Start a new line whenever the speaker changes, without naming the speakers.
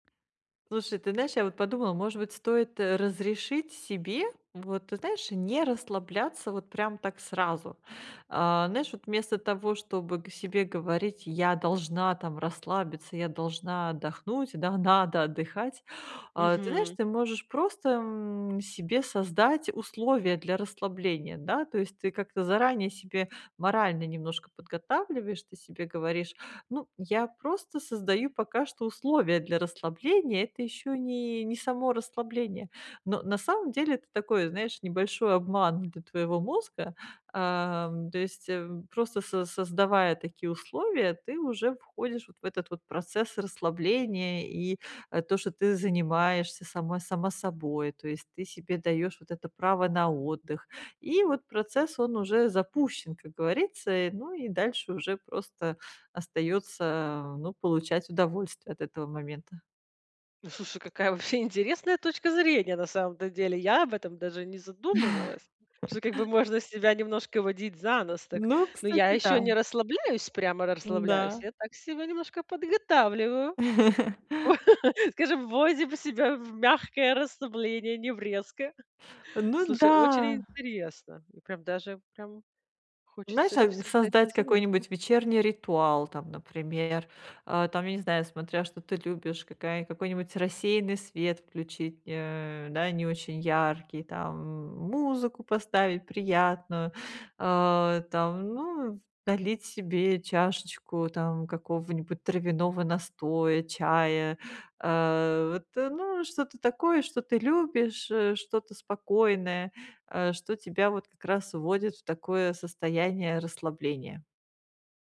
Слушай, ты знаешь, я вот подумала: может быть, стоит, э, разрешить себе, вот, ты знаешь, не расслабляться вот прям так сразу. А, знаешь, вот вместо того, чтобы г себе говорить: "Я должна, там, расслабиться, я должна отдохнуть, да, надо отдыхать". А, ты знаешь,
Мгм.
ты можешь просто, м, себе создать условия для расслабления, да? То есть ты как-то заранее себе морально немножко подготавливаешь, ты себе говоришь: "Ну, я просто создаю пока что условия для расслабления. Это ещё не не само расслабление". Но на самом деле это такой, знаешь, небольшой обман для твоего мозга. Ам, то есть, э, просто со создавая такие условия, ты уже входишь вот в этот вот процесс расслабления и, э, то, что ты занимаешься сама сама собой. То есть ты себе даёшь вот это право на отдых. И вот процесс, он уже запущен, как говорится. И, ну, и дальше уже просто остаётся, э, ну, получать удовольствие от этого момента.
Ну, слушай, какая вообще интересная точка зрения на самом-то деле. Я об этом даже не задумывалась, что как бы можно себя немножко водить за нос так.
Ну,
Но я
кстати, да.
ещё не расслабляюсь, прямо расслабляюсь.
М-да.
Я так себя немножко подготавливаю. Скажем, вводим себя в мягкое расслабление, не в резкое.
Ну
Слушай, очень
да!
интересно и прям даже прям
Знаешь,
хочется
а
это
н
всё взять на
создать
заметку.
какой-нибудь вечерний ритуал, там, например. Э, там, я не знаю, смотря что ты любишь, какая какой-нибудь рассеянный свет включить, э, да, не очень яркий, там, м, музыку поставить приятную, а, там, ну, налить себе чашечку, там, какого-нибудь травяного настоя, чая. Э, вот, э, ну, что-то такое, что ты любишь, э, что-то спокойное, э, что тебя вот как раз вводит в такое состояние расслабления.